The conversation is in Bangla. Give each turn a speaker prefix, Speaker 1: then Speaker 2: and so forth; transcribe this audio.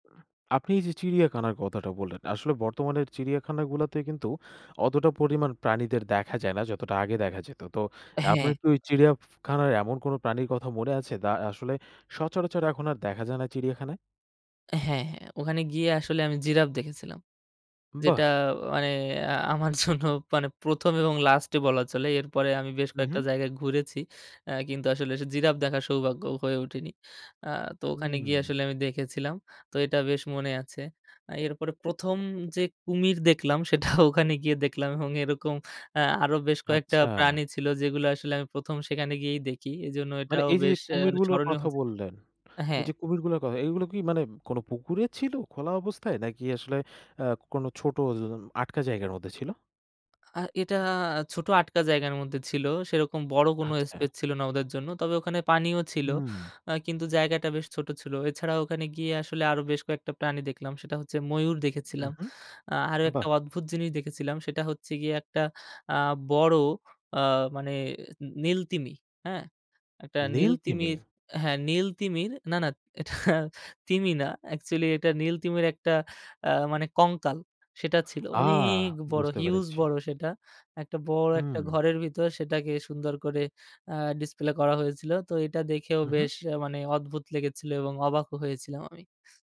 Speaker 1: আপনি এই যে চিড়িয়াখানার কথাটা বললেন, আসলে বর্তমানের চিড়িয়াখানাগুলোতে কিন্তু, অতটা পরিমাণ প্রাণীদের দেখা যায় না, যতটা আগে দেখা যেত। তো
Speaker 2: হ্যাঁ।
Speaker 1: আপনার কি ওই চিড়িয়া ফু খানার, এমন কোনো প্রাণীর কথা মনে আছে? দা আসলে সচরাচর এখন আর দেখা যায় না চিড়িয়াখানায়?
Speaker 2: হ্যাঁ, হ্যাঁ। ওখানে গিয়ে আসলে আমি জিরাফ দেখেছিলাম।
Speaker 1: বাহ!
Speaker 2: যেটা মানে আ আমার জন্য মানে ১ম এবং লাস্টে বলা চলে। এরপরে আমি বেশ
Speaker 1: হু,
Speaker 2: কয়েকটা
Speaker 1: হু।
Speaker 2: জায়গায় ঘুরেছি। এ্যা কিন্তু আসলে সে জিরাফ দেখার সৌভাগ্য হয়ে ওঠেনি। আ তো ওখানে গিয়ে
Speaker 1: হুম।
Speaker 2: আসলে আমি দেখেছিলাম। তো এটা বেশ মনে আছে। এরপরে ১ম যে কুমির দেখলাম, সেটা ওখানে গিয়ে দেখলাম। এবং এরকম আ আরো বেশ কয়েকটা
Speaker 1: আচ্ছা।
Speaker 2: প্রাণী ছিল, যেগুলো আসলে আমি ১ম সেখানে গিয়েই দেখি। এজন্য
Speaker 1: মানে
Speaker 2: এটাও
Speaker 1: এই যে, যে,
Speaker 2: বেশ এ্যা
Speaker 1: কুমিরগুলোর
Speaker 2: স্মরণীয়
Speaker 1: কথা
Speaker 2: হচ্ছে
Speaker 1: বললেন, এই
Speaker 2: হ্যাঁ।
Speaker 1: যে কুমিরগুলোর কথা, এগুলো কি মানে কোনো পুকুরে ছিল খোলা অবস্থায়? নাকি আসলে আ কোন ছোট ওযন আটকা জায়গার মধ্যে ছিল?
Speaker 2: আ এটা ছোট আটকা জায়গার মধ্যে ছিল। সেরকম বড় কোন
Speaker 1: আচ্ছা।
Speaker 2: স্পেস ছিল না ওদের জন্য। তবে ওখানে পানিও ছিল।
Speaker 1: হুম।
Speaker 2: আ কিন্তু জায়গাটা বেশ ছোট ছিল। এছাড়া ওখানে গিয়ে আসলে আরো বেশ কয়েকটা প্রাণী দেখলাম। সেটা হচ্ছে ময়ূর দেখেছিলাম।
Speaker 1: উহু,
Speaker 2: আ আরো একটা
Speaker 1: বাহ!
Speaker 2: অদ্ভুত জিনিস দেখেছিলাম সেটা হচ্ছে গিয়ে একটা আ বড় আ মানে, নী নীলতিমি। হ্যাঁ? একটা নীল
Speaker 1: নীল তিমি?
Speaker 2: তিমির হ্যাঁ নীল তিমির না, না, এটা তিমি না, অ্যাকচুয়ালি এটা নীল তিমির একটা আ মানে কঙ্কাল, সেটা ছিল।
Speaker 1: আ!
Speaker 2: অনেক বড়,
Speaker 1: বুঝতে
Speaker 2: হিউজ
Speaker 1: পেরেছি।
Speaker 2: বড় সেটা। একটা বড় একটা
Speaker 1: হুম।
Speaker 2: ঘরের ভিতর, সেটাকে সুন্দর করে আ ডিসপ্লে করা হয়েছিল। তো এটা দেখেও বেশ
Speaker 1: উহু।
Speaker 2: আ মানে অদ্ভুত লেগেছিল এবং অবাকও হয়েছিলাম আমি।